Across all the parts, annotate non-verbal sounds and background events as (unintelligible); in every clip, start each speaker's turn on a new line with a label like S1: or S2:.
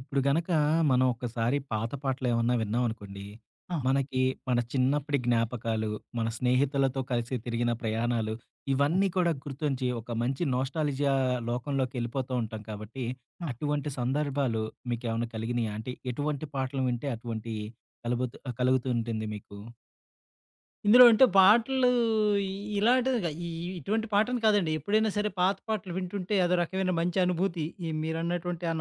S1: ఇప్పుడు గనక మనం ఒకసారి పాత పాటలు ఏమన్నా విన్నామనుకోండి,
S2: ఆ!
S1: మనకి మన చిన్నప్పటి జ్ఞాపకాలు, మన స్నేహితులతో కలిసి తిరిగిన ప్రయాణాలు
S2: హ్మ్.
S1: ఇవన్నీ కూడా గుర్తుంచి ఒక మంచి నొస్టాల్జియా లోకంలోకేళ్ళిపోతూ ఉంటాం కాబట్టి.
S2: ఆ!
S1: అటువంటి సందర్భాలు మీకేమన్నా కలిగినియా అంటే ఎటువంటి పాటలు వింటే అటువంటి కలుగుతు కలుగుతూ ఉంటుంది మీకు?
S2: ఇందులో అంటే పాటలు ఇ ఇలాంటివిగ, ఇ ఇటువంటి పాటలు కాదండి ఎప్పుడైనా సరే పాత పాటలు వింటుంటే అదో రకమైన మంచి అనుభూతి ఈ మీరన్నటువంటి ఆ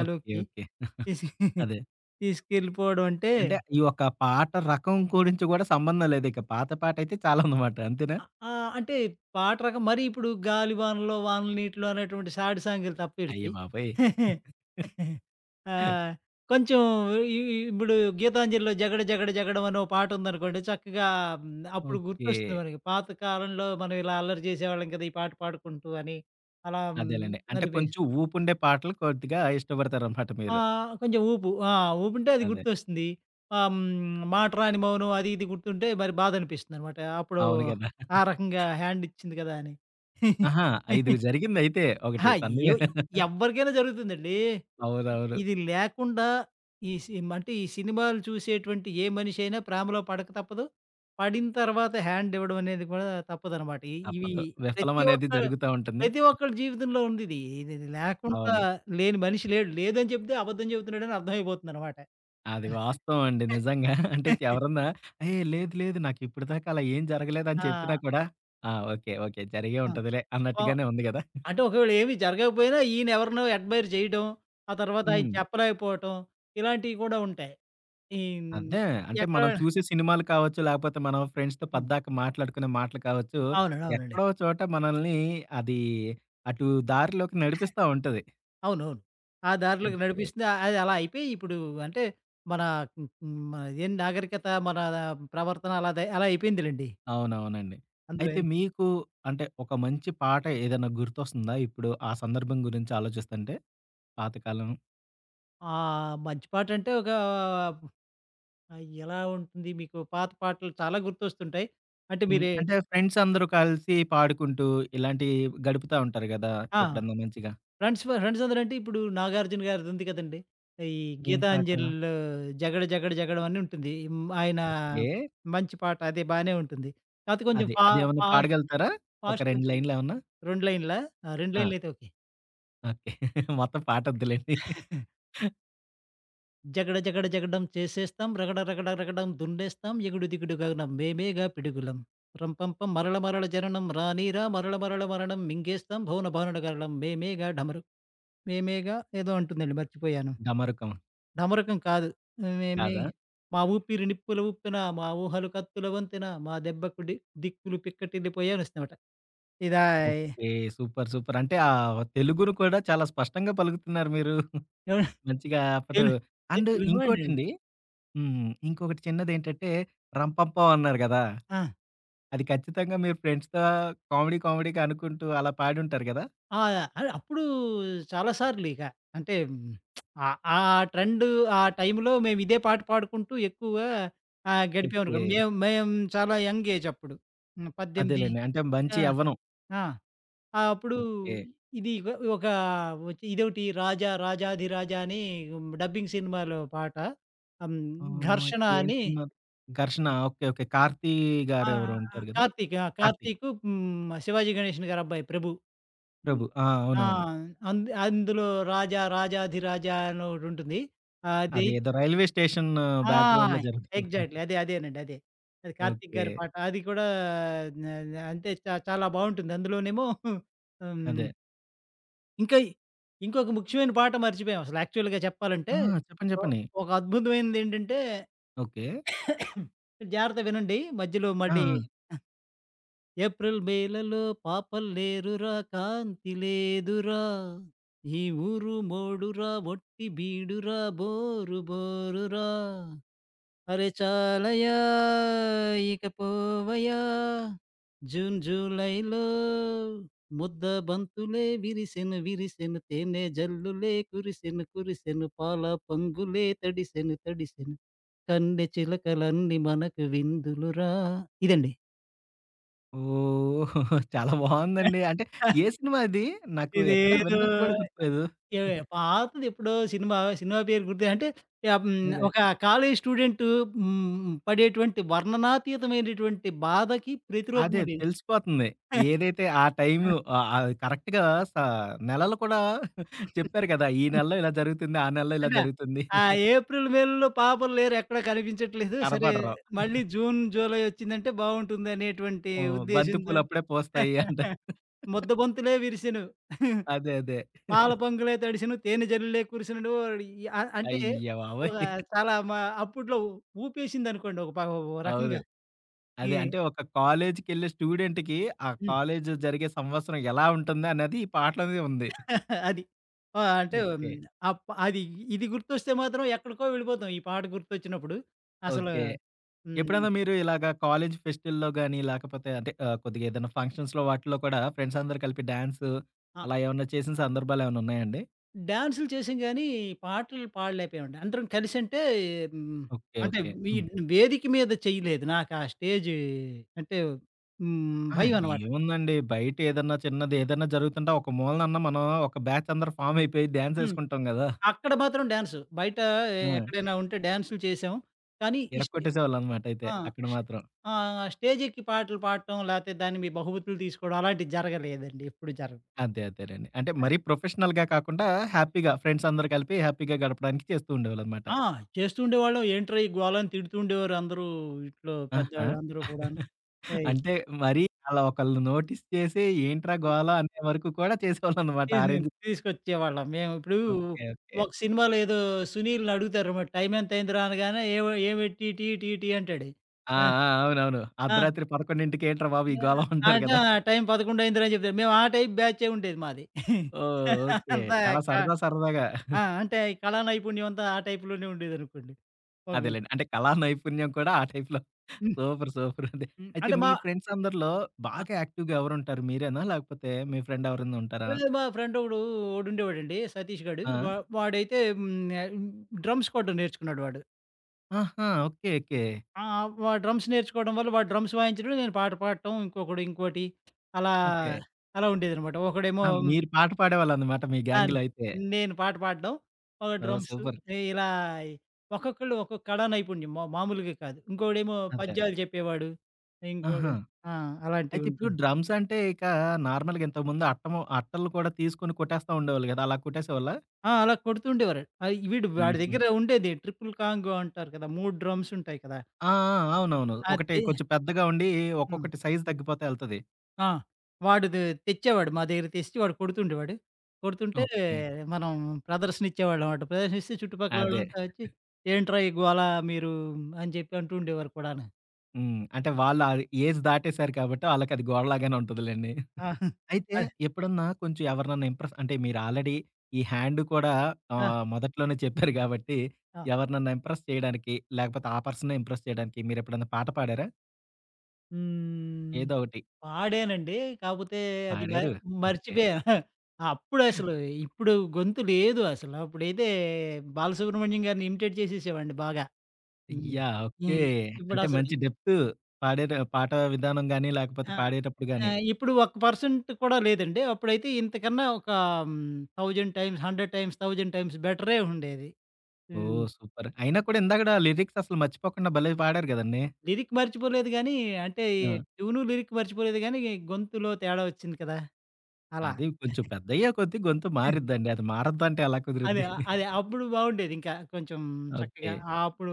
S1: ఓకె ఓకె. (giggles)
S2: తీసుకె (giggles)
S1: అదే.
S2: తీసుకెళ్ళిపోవడం అంటే
S1: అంటే ఈ ఒక పాట రకం గురించి కూడా సంబంధం లేదికా పాత పాట అయితే చాలా ఉంది (giggles) అనమాట అంతేనా?
S2: అ ఆ! అంటే పాట రకం మరి ఇప్పుడు "గాలి వానలో, వాన నీటిలో" అనేటువంటి సాడ్ సాంగ్
S1: అయ్య
S2: తప్పేడిది.
S1: బాబోయ్!
S2: (giggles)
S1: (chuckles)
S2: ఆహ్, కొంచెం ఇ ఇ ఇప్పుడు గీతాంజలిలో 'జగడ జగడ జగడం' అని ఓ పాట ఉందనుకోండి చక్కగా హ్మ్, అప్పుడు గుర్తొస్తుంది
S1: ఓకె.
S2: మనకి, పాత కాలంలో మనం ఇలా అల్లరి చేసేవాళ్ళం కదా! ఈ పాట పాడుకుంటూ అని అలా.
S1: అదేనండి. అంటే
S2: అనిపి
S1: కొంచెం ఊపు ఉండే పాటలు కొద్దిగా ఇష్టపడతారు అన్నమాట మీరు.
S2: ఆహ్, కొంచెం ఊపు ఆ! ఊపుంటే అది
S1: అదే.
S2: గుర్తొస్తుంది. ఆహ్, హ్మ్, మాట రాని మౌనం అది ఇది గుర్తుంటే మరి బాధ అనిపిస్తుందనమాట. అప్పుడు
S1: అవును గదా.
S2: ఆ రకంగా
S1: (chuckles)
S2: హ్యాండ్ ఇచ్చింది కదా! అని.
S1: ఆహా! 5
S2: (giggles)
S1: జరిగింది అయితే ఒకటి
S2: అహా!
S1: సన్ని
S2: ఎవ్
S1: (chuckles)
S2: ఎవరికైనా జరుగుతుందండి. ఇ
S1: అవునవును.
S2: ఇది లేకుండా, ఈ సిమ్ అంటే ఈ సినిమాలు చూసేటువంటి ఏ మనిషి అయినా ప్రేమలో పడక తప్పదు, పడిన తరువాత హ్యండ్ ఇవ్వడం అనేది కూడా తప్పదనమాట ఇవి
S1: తప్పదు విఫలం (giggles)
S2: ప్రతి
S1: అనేది
S2: ఒక్క
S1: జరుగుతా ఉంటుంది.
S2: ప్రతి ఒక్కలి జీవితంలో ఉంది ఇది. ఇది లేకుండా
S1: అవును.
S2: లేని మనిషి లేడు, లేదని చెప్తే అబద్ధం చెబుతున్నాడు అని అర్థం అయిపోతుంది అన్నమాట.
S1: అది వాస్తవం అండి, నిజంగా. (giggles) అంటే
S2: (giggles)
S1: ఎవరన్నా హే! లేదు లేదు నాకు ఇప్పటి దాకా అలా ఏం జరగలేదు అని చెప్పినా
S2: ఆ!
S1: కూడా, "ఆ! ఓకె ఓకె జరిగే
S2: ఆ!
S1: ఉంటదిలే"
S2: ఓహ్!
S1: అన్నట్టుగానే ఉంది కదా! (giggles)
S2: అంటే ఒకవేళ ఏమి జరగకపోయినా ఈయన ఎవరినో అడ్మైర్ చేయడం, ఆ తరువాత ఆయి
S1: హ్మ్.
S2: చెప్పలేకపోవటం, ఇలాంటివి కూడా ఉంటాయి. ఈ హ్మ్,
S1: అదే, అంటే
S2: ఎక్కడ
S1: మనం చూసే సినిమాలు కావచ్చు, లేపోతే మనం ఫ్రెండ్స్‌తో
S2: హ్మ్.
S1: పద్దాక మాట్లాడుకునే మాటలు కావచ్చు,
S2: అవునండి, అవునండి.
S1: ఎక్కడో చోట మనల్ని అది అటు దారిలోకి నడిపిస్తా ఉంటది.
S2: అవునవును. ఆ దారిలోకి
S1: ఓకె.
S2: నడిపిస్తుంది. అది అలా అయిపోయి ఇప్పుడు అంటే మన మ్ హ్మ్. ఇదేంది నాగరికత మన, ప్రవర్తన అలా తయి అలా అయిపోయింది లెండి.
S1: అవునవునండి.
S2: అందులో
S1: అయితే
S2: యె
S1: మీకు అంటే, ఒక మంచి పాట ఏదైనా గుర్తొస్తుందా? ఇప్పుడు ఆ సందర్భం గురించి ఆలోచిస్తుంటే పాత కాలం.
S2: ఆహ్, మంచి పాట అంటే ఒక ఆహ్, ఎలా ఉంటుంది, మీకు పాత పాటలు చాలా గుర్తొస్తుంటాయి. అంటే
S1: హ్మ్.
S2: మీరే
S1: అంటే ఫ్రెండ్సందరు కలిసి పాడుకుంటూ ఇలాంటివి గడుపుతా ఉంటారు కదా,
S2: ఆ!
S1: ఎప్పుడైనా మంచిగా.
S2: ఫ్రెండ్స్ ఫర్ ఫ్రెండ్సందరంటే, ఇప్పుడు నాగార్జున గారిది ఉంది కదండీ, ఈ
S1: ఏం పాట?
S2: 'గీతాంజలి'లో 'జగడ జగడ జగడం' అని ఉంటుంది. హ్మ్, ఆయన
S1: ఓకే.
S2: మంచి పాట, అది బాగానే ఉంటుంది. కాకపోతే కొంచెం
S1: అది.
S2: ఫా
S1: అది ఏమన్నా
S2: ఫా
S1: పడగలుగుతారా ఒక 2
S2: ఫాస్టుంటుంది.
S1: లైన్‌లేమన్నా?
S2: 2 లైనులా? ఆ! 2
S1: ఆ!
S2: లైన్లయితే ఓకే.
S1: ఓకే. మొత్తం పాటొద్దులెండి.
S2: (giggles) జగడ జగడ జగడం చేసేస్తాం, రగడ రగడగడం దున్నేస్తాం, ఎగుడుదిగుడుగానం మేమేగా పిడుగులం. రంపం పం. మరల మరల జననం రానీరా మరల మరల మరణం మింగేస్తాం భౌనభాను గరలం మేమేగా డమరు మేమేగా ఏదో అంటుందండి మర్చిపోయాను.
S1: డమరుకం.
S2: ఢమరుకం కాదు. మేమే
S1: కాదా?
S2: మా ఊపిరి నిప్పులు ఊప్పెన. మా ఊహలు కత్తుల వంతెన. మా దెబ్బకు డి 'దిక్కులు పిక్కటిల్లి పోయే' అనొస్తుందన్నమాట. ఇదా ఈ
S1: ఓకే. సూపర్, సూపర్ అంటే, ఆ తెలుగును కూడా చాలా స్పష్టంగా పలుకుతున్నారు మీరు. (giggles)
S2: అవును,
S1: మంచిగా. అప్పుడు
S2: తెలుగు. నేను
S1: అండ్
S2: తెలుగు వాడినేండి.
S1: ఇంకోటండి హ్మ్, ఇంకొకటి చిన్నది ఏంటంటే, 'రంపంపం' అన్నారు కదా!
S2: ఆ!
S1: అది ఖచ్చితంగా మీరు ఫ్రెండ్స్‌తో కామెడీ కామెడీగా అనుకుంటూ అలా పాడుంటారు కదా!
S2: ఆ! అల్ అప్పుడూ చాలా సార్లిక అంటే హ్మ్, (smacks lips) ఆహ్, ఆ ట్రెండ్, ఆ టైంలో, మేమిదే పాట పాడుకుంటూ ఎక్కువగా ఆహ్, గడిపామనుకో.
S1: ఓకే.
S2: మేము మేము చాలా యంగ్ ఏజ్ అప్పుడు, హ్మ్ 18
S1: అదేలెండి. అంటే
S2: ఆ!
S1: మంచి యవ్వనం.
S2: ఆ! అప్పుడూ
S1: ఓకే.
S2: ఇది ఇక్ ఒక వచ్చి ఇదొకటి 'రాజా రాజాధిరాజ' అని డబ్బింగ్ సినిమాలో పాట. హ్మ్,
S1: ఆహ్,
S2: 'ఘర్షణ'
S1: ఏం
S2: అని
S1: సినిమా 'ఘర్షణ.' Okay, okay. కార్తీ గారు ఎవరో
S2: ఆహ్,
S1: ఉంటారు కదా!
S2: కార్తీక్, ఆ!
S1: కార్తీ.
S2: కార్తీకూ, హ్మ్, శివాజీ గణేషన్ గారి అబ్బాయి ప్రభు హ్మ్,
S1: ప్రభు. ఆ!
S2: ఆ!
S1: అవునవును.
S2: అందు అందులో 'రాజా రాజాధిరాజ' అని ఒకటుంటుంది. అది
S1: అదేదో రైల్వే స్టేషన్
S2: ఆ!
S1: బ్యాక్‌గ్రౌండ్‌లో జరుగుతుందిగా.
S2: ఎగ్జాక్ట్‌లీ అదే, అదేనండి. అదే అదే కార్తీక్ గారి
S1: ఓకే.
S2: పాట. అది కూడా న న అంతే. చా చాలా బావుంటుందందులోనేమో హుహు. హ్మ్
S1: అదే.
S2: ఇంకా ఇ ఇంకొక ముఖ్యమైన పాట మర్చిపోయాం అసలు యాక్చువల్‌‌గా
S1: ఆ!
S2: చెప్పాలంటే,
S1: చెప్పండి.
S2: ఓహ్
S1: చెప్పండి.
S2: ఒక అద్భుతమైనదేంటంటే
S1: ఓకే.
S2: (coughs) జాగ్రత్తగా వినండి, మధ్యలో
S1: ఆ!
S2: మళ్ళీ ఆహ్,
S1: ఆ!
S2: ఏప్రిల్ మేలలో పాపల్లేరురా కాంతి లేదురా, ఈ ఊరు మోడురా ఒట్టి బీడురా బోరు బోరు రా, అరె చాలయా ఇక పోవయా జూన్ జులైలో ముద్దబంతులే విరిసెను విరిసెను, తేనె జల్లులే కురిసెను కురిసెను, పాల పొంగులే తడిసెను తడిసెను కన్నె చిలకలన్నీ మనకు విందులు రా ఇదండీ.
S1: ఓహ్! చాలా బావుందండి. అంటే
S2: (chuckles)
S1: ఏ సినిమా అది? నాకు ఎక్కడా
S2: ఇదేదో
S1: విన్నట్టు గూడా గుర్తులేదు. (giggles)
S2: ఏ పాతదెప్పుడో సినిమా. సినిమా పేరు గుర్తు అంటే ఆహ్, హ్మ్.
S1: అదే.
S2: ఒక కాలేజి స్టూడెంటు హ్మ్. పడేటువంటి వర్ణనాతీతమైనటువంటి బాధకి
S1: అదే
S2: ప్రతిరూపమండి ఇది.
S1: తెలిసిపోతుంది. ఏదైతే ఆ టైము
S2: (chuckles)
S1: ఆహ్, ఆహ్, కరెక్ట్‌గా స నెలలు కూడా (giggles) చెప్పారు గదా! ఈ
S2: (chuckles)
S1: నెలలో ఇలా జరుగుతుంది ఆ నెలలో ఇలా
S2: కదా!
S1: జరుగుతుంది.
S2: ఆ
S1: (chuckles)
S2: ఏప్రిల్ మేలలో పాపలు లేరెక్కడా కనిపించట్లేదు. సరే!
S1: కనపడరు.
S2: మళ్ళీ
S1: (chuckles)
S2: జూన్, జులై వచ్చిందంటే బావుంటుందనేటువంటి
S1: ఓహ్, బంతి
S2: ఉద్దేశంతో,
S1: పూలప్పుడే పూస్తాయి అంటారు.
S2: (chuckles)
S1: (laughs)
S2: ముద్ద బంతులే విరిసెను, (giggles)
S1: అదే. అదే.
S2: పాల
S1: (chuckles)
S2: పొంగులే తడిసెను, తేనె జల్లులే కురిసెను. ఒడియా అ అంటే
S1: అయ్య బాబోయ్!
S2: ఒక
S1: (chuckles)
S2: చాలా మ అప్పట్లో ఉపేసిందనుకోండి. ఒక ప ఓహ్!
S1: అవును.
S2: రకంగా ఈ
S1: అదే. అంటే ఒక కాలేజికెళ్ళే స్టూడెంట్‌కి ఆ
S2: హ్మ్.
S1: కాలేజ్ జరిగే సంవత్సరం ఎలా ఉంటుందనేది ఈ పాటలోనే ఉంది. ఓకే.
S2: (chuckles) అది. ఆ! అంటే హ్మ్.
S1: ఓకే.
S2: ఆ ప్ అది ఇది గుర్తొస్తే మాత్రం ఎక్కడికో వెళ్ళిపోతాం ఈ పాట గుర్తొచ్చినప్పుడు. అసలు
S1: ఓకే.
S2: హ్మ్.
S1: ఎప్పుడైనా మీరు ఇలాగా కాలేజి ఫెస్టుల్లో గాని, లేకపోతే అంటే ఆహ్, కొద్దిగేదైనా ఫంక్షన్స్‌లో వాటిలో కూడా ఫ్రెండ్స్ అందరూ కలిపి డాన్సు,
S2: ఆ!
S1: అలా ఏవన్నా చేసిన సందర్భాలేవన్నున్నాయండి?
S2: డాన్సులు చేసాం గాని, పాటలు పాడలేకపోయాం, అందరం కలిసంటే హ్మ్,
S1: ఓకె,
S2: అంటే
S1: ఓకె.
S2: మీ
S1: హ్మ్.
S2: వేదిక మీద చేయలేదు. నాకా స్టేజ్ అంటే, హ్మ్.
S1: ఆ!
S2: భయం అనమాట.
S1: ఏముందండి బయట ఏదన్నా చిన్నది ఏదన్నా జరుగుతుంటే ఒక మూలనన్నా మనం ఒక బ్యాచ్ అందరు ఫార్మ్ అయిపోయి డాన్స్
S2: హ్మ్,
S1: ఏసుకుంటాం గదా!
S2: అక్కడ మాత్రం డాన్సు బయట
S1: ఆ!
S2: ఎక్కడైనా ఉంటే డాన్సులు చేసాం. కానీ ఇస్టే
S1: ఇరగోట్టేసేవాళ్ళు అనమాట అయితే
S2: ఆ!
S1: అక్కడ మాత్రం.
S2: ఆ! స్టేజ్ ఎక్కి పాటలు పాడటం, లేపోతే దాన్ని మీ బహుమతులు తీసుకోవడం అలాంటివి జరగలేదండి ఎప్పుడూ జర
S1: అంతే అంతేనండి. అంటే
S2: ఆ!
S1: మరి ప్రొఫెషనల్‌గా కాకుండా హ్యాపీగా ఫ్రెండ్స్ అందరు కలిపి హ్యాపీగా గడపడానికి చేస్తూ ఉండేవాళ్ళు అన్నమాట.
S2: ఆ! చేస్తూండేవాళ్ళం, ఏంట్రా ఈ గోలని తిడుతుండేవారు అందరూ, ఇంట్లో
S1: ఆహా!
S2: పెద్దవాళ్ళు అందరూ కూడాను.
S1: (giggles)
S2: ఏయి
S1: అంటే మరి అలా ఒకల్ని నోటీస్ చేసి ఏంట్రా గోల అనే వరకు కూడా చేసేవాళ్ళు అన్నమాట (giggles) ఆ
S2: తీసు
S1: రేంజ్
S2: తీసుకొచ్చేవాళ్ళం మేము ఇప్పుడు
S1: ఓకె, ఓకె.
S2: ఒక సినిమాలో ఏదో 'సునీల్‌'ని అడుగుతారు టైం ఎంత అయిందిరా అనగానే "ఏమొ ఏమిటీటీటీ" అంటాడు
S1: ఆ!
S2: ఆహ్,
S1: ఆ! అవునవును
S2: ఆ!
S1: అర్ధరాత్రి 11:00కి ఏంట్రా బాబు ఈ
S2: ఆహ్,
S1: గోలవ అంటారు
S2: అంటే
S1: గదా.
S2: ఆ టైం 11:00 అయిందిరా చెప్తారు. మేము ఆ టైప్ బ్యాచే ఉండేది మాది. (laughs)
S1: ఓహ్! ఓకె
S2: అంత
S1: చాలా
S2: క
S1: సరదా సరదాగా.
S2: ఆ!
S1: (giggles)
S2: అంటే అయి కళా నైపుణ్యం అంతా ఆ టైప్‌ లోనే ఉండేది అనుకోండి. (unintelligible)
S1: అదేలెండి అంటే కళా నైపుణ్యం కూడా ఆ టైప్‌‌లో (giggles)
S2: హ్మ్.
S1: Super super. అండి.
S2: హ్మ్,
S1: అయితే
S2: అంటే
S1: మీ
S2: మా
S1: ఫ్రెండ్స్ అందరిలో
S2: ఆ!
S1: బాగా యాక్టివ్‌గా ఎవరు ఉంటారు మీరేనా? లేకపోతే మీ ఫ్రెండ్ ఎవరైనా ఉంటారా?
S2: ఏహ్, మా ఫ్రెండ్ ఒకడు ఒడు ఉండేవాడండి, సతీష్ గాడు
S1: ఆ!
S2: వా వాడైతే హ్మ్, ఆహ్, డ్రమ్స్ కొట్టడం నేర్చుకున్నాడు వాడు.
S1: ఆహా! Okay okay.
S2: ఆ! వాడు డ్రమ్స్ నేర్చుకోవడం వల్ల, వాడు డ్రమ్స్ వాయించినప్పుడు నేను పాట పాడటం ఇంకొకడు ఇంకోటి, (smacks lips) అలా
S1: ఓకె.
S2: అలా ఉండేదనమాట ఒకడేమో
S1: ఆ! మీరు పాట పాడేవాళ్ళు అన్నమాట మీ
S2: అన్
S1: గ్యాంగ్‌లో అయితే.
S2: నేను పాట పాడడం, ఒకడు
S1: ఓహ్!
S2: Drums
S1: super.
S2: ఇలా ఒక్కొక్కళ్ళు ఒక్కొక్క కళా నైపుణ్యం మ మామూలుగా కాదు. ఇంకోడేమో
S1: అంతే.
S2: పద్యాలు చెప్పేవాడు, ఇంకోడు
S1: ఆహా!
S2: ఆ! అలాంటివి
S1: అయితే ఇప్పుడు
S2: ఉంటుండె.
S1: డ్రమ్స్ అంటే ఇక నార్మల్‌గా ఇంతకు ముందు అట్ట ము అట్టలు కూడా తీసుకొని కొట్టేస్తూ ఉండేవాళ్ళు కదా! అలా కొట్టేసేవాళ్ళ?
S2: ఆ! అలా కొడుతూ ఉండేవారు. అయి వీడు, వాడి
S1: హుహు.
S2: దగ్గర ఉండేది ట్రిపుల్ కాంగో అంటారు కదా 3 డ్రమ్స్ ఉంటాయి కదా!
S1: ఆ! ఆ! అవునవును ఒకటి
S2: అది.
S1: కొంచెం పెద్దగా ఉండి
S2: హ్మ్.
S1: ఒక్కొక్కటి సైజ్ తగ్గిపోతా ఎళ్తది.
S2: ఆ! వాడు దే తెచ్చేవాడు మా దెగ్గరకి తెచ్చి, వాడు కొడుతుండేవాడు. కొడుతుంటే,
S1: ఓకే.
S2: మనం ప్రదర్శనిచ్చేవాళ్ళవాట. ప్రదర్శనిస్తే
S1: అదే.
S2: చుట్టుపక్కలోళ్ళంతా ఒచ్చి
S1: (giggles)
S2: "ఏంట్రా ఈ గోల మీరూ" అని జెప్పి అంటూ ఉండేవారు కూడాన.
S1: హ్మ్. అంటే, వాళ్ళు ఆ ఏజ్ దాటేశారు కాబట్టి, వాళ్ళకది గోలలాగానే ఉంటదిలేండి.
S2: ఆ!
S1: (giggles)
S2: (giggles)
S1: అయితే,
S2: అదే.
S1: ఎప్పుడన్నా కొంచెం ఎవరినన్నా ఇంప్రెస్ అంటే, మీరు ఆల్రెడీ ఈ హ్యాండ్ కూడా
S2: ఆ!
S1: ఆహ్, మొదట్లోనే చెప్పారు గాబట్టి,
S2: ఆ!
S1: ఎవరినన్నా ఇంప్రెస్ చెయడానికి, లేకపోతే ఆ పర్సన్నే ఇంప్రెస్ చెయడానికి, మీరెప్పుడన్నా పాట పాడారా?
S2: హ్మ్.
S1: ఏదో ఒకటి.
S2: పాడానండీ. కాపోతే అది బె
S1: పాడారు. ఓకే.
S2: మర్చిపోయా.
S1: (chuckles)
S2: (giggles) అప్పుడసలు. ఇప్పుడు గొంతు లేదు అసల. అప్పుడైతే 'బాలసుబ్రహ్మణ్యం' గారిని ఇమిటేట్ చేసేసేవాడిని బాగా. హ్మ్.
S1: యాహ్! ఓకే.
S2: హ్మ్.
S1: అంటే,
S2: ఇప్పుడసలు
S1: మంచి డెప్తూ, పాడేటా పాట విధానం గానీ, లేకపోతే
S2: ఆ!
S1: పాడేటప్పుడు గానీ.
S2: ఆహ్, ఇప్పుడు ఒక్క పర్సంట్ కూడా లేదండి. అప్పుడైతే ఇంతకన్నా ఒకా హ్మ్, 1000 టైమ్స్, 100 టైమ్స్, 1000 టైమ్స్ బెటరే ఉండేది. హ్మ్.
S1: ఓహ్! సూపర్. అయినా కూడా ఇందాకడా లిరిక్ససలు మర్చిపోకుండా భలే పాడారు గదండి.
S2: లిరిక్ మర్చిపోలేదు గానీ, అంటే
S1: ఆ!
S2: ట్యూను, లిరిక్ మర్చిపోలేదు గానీ, గొంతులో తేడా ఒచ్చింది కదా! అలా.
S1: అదీ కొంచెం
S2: (giggles)
S1: పెద్దయ్యే కొద్దీ గొంతు
S2: హ్మ్.
S1: మారిద్దండి. అది మారద్దంటే ఎలా
S2: అదే.
S1: కుదురుద్ది.
S2: ఆహ్,
S1: (giggles)
S2: అది అప్పుడు బావుండేది ఇంకా కొంచం చక్కగా.
S1: ఓకే.
S2: ఆ! అప్పుడూ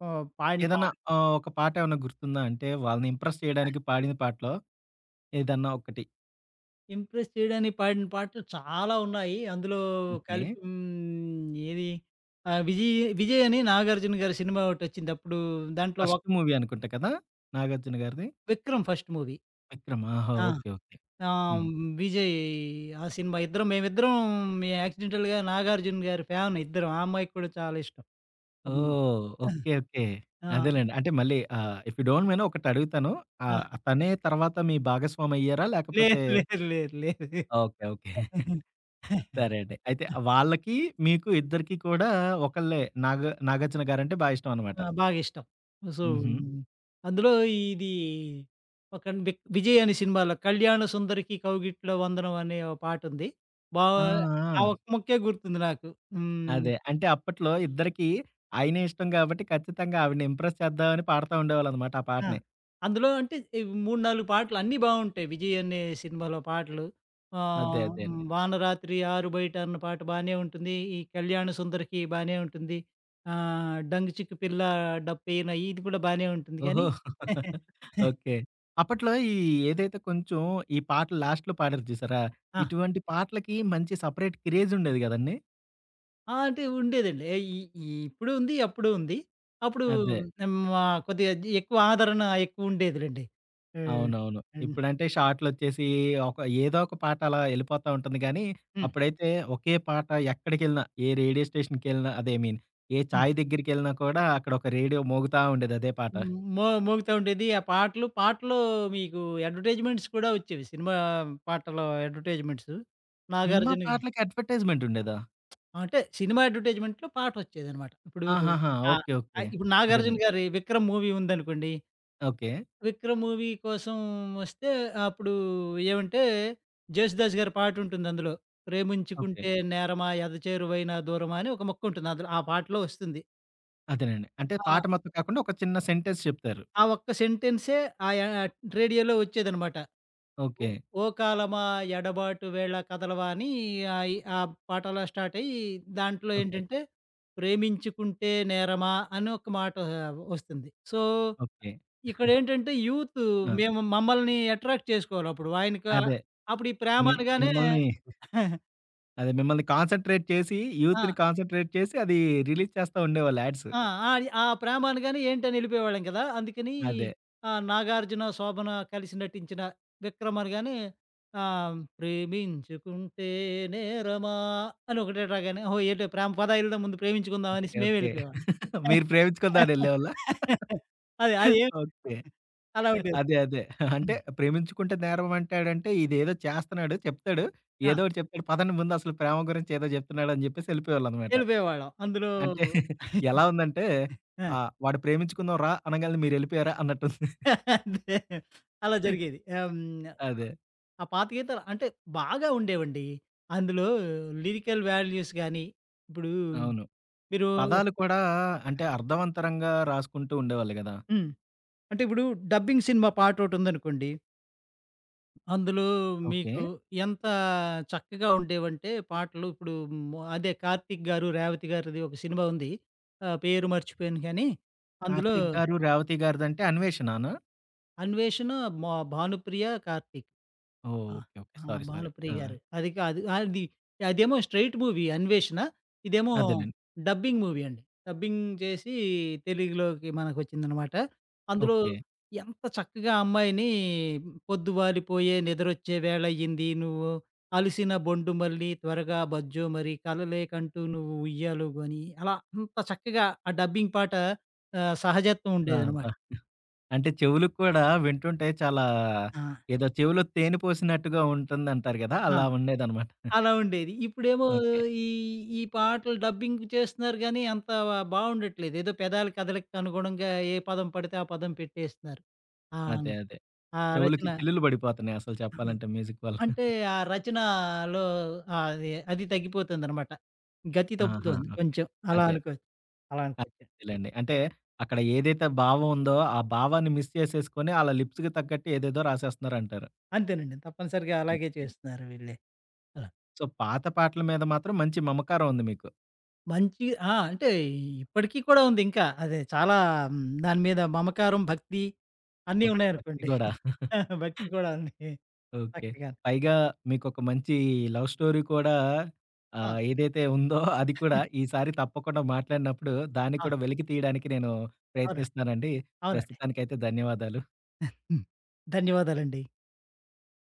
S2: పా పాయిన పా
S1: ఏదన్నా ఆహ్, ఒక పాటేవన్నా గుర్తుందా? అంటే, వాళ్ళని ఇంప్రెస్ చెయడానికి పాడిన పాటలో ఏదన్నా ఒకటి?
S2: ఇంప్రెస్ చేయడానికి పాడిన పాటలు చాలా ఉన్నాయి. అందులో
S1: ఓకే.
S2: కలిపి హ్మ్, ఏది? ఆ! 'విజయ్', 'విజయ్' అని నాగార్జున గారి సినిమా ఒకటి వచ్చింది. అప్పుడు దాంట్లో వోక్
S1: ఫస్ట్ మూవీ అనుకుంట కదా! నాగార్జున గారిది.
S2: 'Vikram' first movie.
S1: విక్రమ్. ఆహా!
S2: ఆ
S1: ఓకే, ఓకే.
S2: ఆహ్,
S1: హ్మ్.
S2: విజయ్ ఆ సినిమా. ఇద్దరం, మేమిద్దరం మే యాక్సిడెంటల్‌గా నాగార్జున గారి ఫ్యాన్ ఇద్దరం. ఆ అమ్మాయికి కూడా చాలా ఇష్టం. హ్మ్,
S1: ఓహ్! Okay, okay.
S2: ఆ! ఆ!
S1: అదేలేండి. అంటే మళ్లీ ఆహ్, ఇఫ్ యూ డోంట్ మైండ్ ఒకటి అడుగుతాను.
S2: ఆ!
S1: ఆహ్, తనే తరువాత మీ భాగస్వామి అయ్యారా? లేకపోతే
S2: లేదు, లేదు, లేదు, లేదు.
S1: Okay, okay.
S2: ఆ!
S1: (chuckles) సరే అండి. అయితే వాళ్ళకి, మీకు ఇద్దరికి కూడా ఒకలే నాగ నాగార్జున గారు అంటే బాగా ఇష్టం అన్నమాట.
S2: ఆ! బాగా ఇష్టం. సో,
S1: హుహు.
S2: అందులో ఇది ఒక న్ 'విజయ్' అనే సినిమాలో 'కళ్యాణ సుందరికి కౌగిట్ల వందనం' అనే ఒక పాటుంది. బా
S1: ఆ!
S2: ఆ
S1: ఆ!
S2: ఒక్క ముక్కే గుర్తుంది నాకు. హ్మ్.
S1: అదే అంటే, అప్పట్లో ఇద్దరికి ఆయనే ఇష్టం కాబట్టి, ఖచ్చితంగా ఆవిడని ఇంప్రెస్ చేద్దాం అన్ని పాడుతూ ఉండేవాళ్లు అన్నమాట, ఆ
S2: ఆ,
S1: పాటని.
S2: అందులో అంటే ఈ 3, 4 పాటలు అన్నీ బాగుంటాయి. 'విజయ్' అనే సినిమాలో పాటలు.
S1: అదే
S2: ఆహ్,
S1: అదే అండి.
S2: "వానరాత్రి ఆరు బయట" అన్న పాట బానే ఉంటుంది. "ఈ కళ్యాణ సుందరికి" బానే ఉంటుంది. ఆహ్, ''డంగ్ చిక్కు పిల్ల డబ్బేన'' ఇది కూడా బానే ఉంటుంది
S1: ఓహో!
S2: కానీ
S1: (laughs)
S2: (laughs)
S1: ఓకే. అప్పట్లో ఈ ఏదైతే కొంచెం ఈ పాటలు లాస్ట్‌లో పాడారు చూసారా?
S2: ఆ!
S1: ఇటువంటి పాటలకి మంచి సెపరేట్ క్రేజ్ ఉండేది కదండీ!
S2: ఆ! అంటే ఉండేదండి ఈ, ఈ ఇప్పుడు ఉంది, అప్పుడు ఉంది. అప్పుడు
S1: అదే.
S2: హ్మ్, హ్మ్, ఆహ్, కొద్దిగా అది ఎక్కువ ఆదరణ ఎక్కువ ఉండేదిలెండి. ఆ!
S1: అవునవును.
S2: హ్మ్.
S1: ఇప్పుడంటే షార్టులొచ్చేసి ఒక, ఏదో ఒక పాట అలా యెళ్లిపోతా ఉంటుంది గానీ
S2: హ్మ్.
S1: అప్పుడైతే ఒకే పాట. ఎక్కడికెళ్లినా, ఏ రేడియో స్టేషన్‌కెళ్లిన అదే. ఐ మీన్, ఏ
S2: హ్మ్.
S1: చాయి దగ్గరికెళ్లినా కూడా, అక్కడొక రేడియో మోగుతా ఉండేది. అదే పాట.
S2: హ్మ్, మో మోగుతా ఉండేది. ఆ పాటలు, పాటలూ మీకు అడ్వర్‌టైజ్‌మెంట్స్ కూడా వచ్చేవి. సినిమా పాటలు అడ్వర్‌టైజ్‌మెంట్స్.
S1: సినిమా
S2: నాగార్జున గారు
S1: పాటలకి అడ్వర్‌టైజ్‌మెంట్‌ ఉండేదా?
S2: అంటే సినిమా అడ్వర్‌టైజ్‌మెంట్‌లో పాటొచ్చేదన్నమాట. ఇప్పుడు
S1: ఆహాహా!
S2: అ
S1: ఓకే. ఓకే.
S2: అయి ఇప్పుడు నాగార్జున
S1: అదేనండి.
S2: గారి 'విక్రమ్' మూవీ ఉందనుకోండి
S1: ఓకే.
S2: 'విక్రమ్' మూవీ కోసం వస్తే, అప్పుడు ఏమంటే జేసుదాసు గారి పాటుంటుంది. అందులో
S1: ఓకే.
S2: 'ప్రేమించుకుంటే నేరమా ఎద చేరువైన దూరమా' అని ఒక ముక్కుంటుంది. అందులో ఆ పాటలో వస్తుంది.
S1: అదేనండి. అంటే పాట
S2: ఆ!
S1: మొత్తం కాకుండా ఒక చిన్న సెంటెన్స్ చెప్తారు.
S2: ఆ ఒక్క సెంటెన్సే ఆయా రేడియోలో వచ్చేదనమాట. 'ఓ
S1: ఓకే.
S2: ఓ కాలమా ఎడబాటు వేళ కథలవా' అని ఆయి ఆ పాట అలా స్టార్ట్ అయ్యి, దాంట్లో
S1: ఓకే.
S2: ఏంటంటే 'ప్రేమించుకుంటే నేరమా' అని ఒక మాటా వస్తుంది. So,
S1: okay. (chuckles)
S2: ఇక్కడేంటంటే యూతు
S1: ఆ!
S2: మేము, మమ్మల్ని అట్రాక్ట్ చేసుకోవాలి. అప్పుడు ఆయనకా
S1: అదే
S2: అప్పుడు ఈ ప్రేమ
S1: మిమ్
S2: అనగానే
S1: మిమ్మల్ని (chuckles)
S2: (chuckles)
S1: అదే మిమ్మల్ని కాన్సన్‌ట్రేట్ చేసి, యూత్‌ని
S2: ఆ!
S1: కాన్సన్‌ట్రేట్ చేసి, అది రిలీజ్ చేస్తా ఉండేవాళ్లు యాడ్స్.
S2: ఆ! అయి ఆ ప్రేమ అనగానే ఏంటని యెళ్లిపోయేవాళ్లం కదా! అందుకని
S1: అదే.
S2: ఆహ్, నాగార్జున, శోభన కలిసి నటించిన 'విక్రమ్' అనగానే ఆహ్, ప్రేమించుకుంటే నేరమా అని ఒకటే రాగానే, "ఓహో! ఏటో ప్రేమ. పదా యెల్దం, ముందు ప్రేమించుకుందాం" అనేసి
S1: ఓకే, ఓకే.
S2: మేమెళ్లిపోయేవాళ్లం.
S1: (chuckles) మీరు ప్రేమించుకుందాం అని యెళ్ళేవాళ్ళా?
S2: (laughs) అది
S1: (chuckles)
S2: అదేమి
S1: ఓకే.
S2: (chuckles) అలా ఉండేది.
S1: అదే అదే అంటే,
S2: హ్మ్.
S1: "ప్రేమించుకుంటే నేరం," అంటాడంటే ఇదేదో చేస్తున్నాడు, చెప్తాడు,
S2: ఆ!
S1: ఏదో ఒకటి చెప్తాడు. పదండి ముందసలు ప్రేమ గురించి ఏదో చెప్తున్నాడన్ని చెప్పేసి యెళ్ళిపోయేవాళ్ళన్నమాట.
S2: వెళ్ళిపోయేవాళ్ళం అందులో
S1: (giggles) అంటే ఎలా ఉందంటే,
S2: (chuckles) ఆ!
S1: ఆహ్, వాడు "ప్రేమించుకుందాం రా," అనంగాల్నే మీరెళ్ళిపోయారా? అన్నట్టుంది. (giggles)
S2: (laughs) అదే అలా జరిగేది. ఆహ్, హ్మ్, ఆ!
S1: అదే.
S2: ఆ పాత గీతాలు అంటే బాగా ఉండేవండి. అందులో లిరికల్ వాల్యూస్ గానీ, ఇప్పుడు
S1: అవును.
S2: మీరు
S1: పదాలు కూడా అంటే అర్థవంతరంగా రాసుకుంటూ ఉండేవాళ్ళు గదా!
S2: హ్మ్. అంటే ఇప్పుడు డబ్బింగ్ సినిమా పాట ఒకటి ఉందనుకోండి. అందులో మీకు,
S1: ఓకే.
S2: ఎంత చక్కగా ఉండేవంటే పాటలు ఇప్పుడు మో అదే కార్తీక్ గారు, రేవతి గారిది ఒక సినిమా ఉంది. ఆహ్, పేరు మర్చిపోయాను గాని. అందులో
S1: కార్తీక్ గారు, రేవతి గారిదంటే 'అన్వేషణనా'?
S2: 'అన్వేషణ' మో భానుప్రియ, కార్తీక్.
S1: ఓహ్!
S2: ఆ!
S1: Okay, okay.
S2: ఆ!
S1: సారీ, సారీ
S2: భానుప్రియ
S1: ఆ!
S2: గారు. అది కాదు. అది అదేమో స్ట్రెయిట్ మూవీ 'అన్వేషణ'. ఇదేమో
S1: అదేనండి.
S2: డబ్బింగ్ మూవీ అండి. డబ్బింగ్ చేసి, తెలుగులోకి మనకు వచ్చిందనమాట. అందులో
S1: ఓకే.
S2: ఎంత చక్కగా ఆ అమ్మాయిని 'పొద్దు వాలిపోయే, నిద్రొచ్చే వేళయ్యింది, నువ్వు అలిసిన బొండు మళ్ళీ త్వరగా బజ్జో మరి, కలలేకంటూ నువ్వు ఉయ్యాల ఊగు' అని. అలా అంత చక్కగా ఆ డబ్బింగ్ పాట ఆహ్, సహజత్వం
S1: ఆ! అబ్బా!
S2: ఉండేదనమాట.
S1: (chuckles) అంటే చెవులు కూడా వింటుంటే, చాలా
S2: ఆ!
S1: ఏదో చెవులో తేనె పోసినట్టుగా ఉంటుంది అంటారు గదా! అలా
S2: అవును.
S1: ఉండేదన్నమాట. (chuckles)
S2: అలా ఉండేది. ఇప్పుడేమో
S1: ఓకే.
S2: ఈ ఈ పాటలు డబ్బింగ్ చేస్తున్నారు గాని, అంత వ బావుండట్లేదు. ఏదో పెదాల కథలికనుగుణంగా ఏ పదం పడితే, ఆ పదం పెట్టేస్తున్నారు. ఆన్
S1: అదే, అదే.
S2: ఆ
S1: చెవులకి
S2: రచన.
S1: చిల్లులు బడిపోతున్నాయి అసలు చెప్పాలంటే మ్యూజిక్ వల్ల.
S2: అంటే,
S1: (chuckles)
S2: ఆ రచనలో ఆహ్, ఆది అది తగ్గిపోతోందన్నమాట. గతి
S1: ఆహా!
S2: తప్పుతోంది
S1: ఓకే.
S2: కొంచెం. అలా
S1: అదే.
S2: అనుకోవచ్చు. అలా అనుకోవచ్చండి.
S1: అదేలెండి. అంటే అక్కడ ఏదైతే భావం ఉందో, ఆ భావాన్ని మిస్ చేసేసుకొని ఆళ్ళ లిప్స్‌కి తగ్గట్టు ఏదేదో రాసేస్తున్నారంటారు.
S2: అంతేనండి. తప్పనిసరిగా అలాగే
S1: ఓకే.
S2: చేస్తున్నారు వీళ్లే. ఆ!
S1: సో, పాత పాటల మీద మాత్రం మంచి మమకారం ఉంది మీకు.
S2: మంచి ఆ! అంటే ఇ ఇప్పడికి కూడా ఉంది ఇంకా. అదే చాలా దాని మీద మమకారం, భక్తి అన్నీ
S1: ఓహ్! భక్తి
S2: ఉన్నాయనుకోండి.
S1: కూడా. (chuckles)
S2: భక్తి కూడా ఉంది.
S1: ఓకే.
S2: చక్కగాను.
S1: పైగా మీకొక మంచి లవ్ స్టోరీ కూడా
S2: ఆ!
S1: ఆహ్, ఏదైతే ఉందో, అది కూడా ఈసారి తప్పకుండా మాట్లాడినప్పుడు, దాన్ని
S2: ఆ!
S1: కూడా వెలికి తీయడానికి నేను
S2: అవునండి.
S1: ప్రయత్నిస్తానండి.
S2: అవునండి.
S1: ప్రస్తుతానికి అయితే ధన్యవాదాలు.
S2: ఆ! హ్మ్. ధన్యవాదాలండి.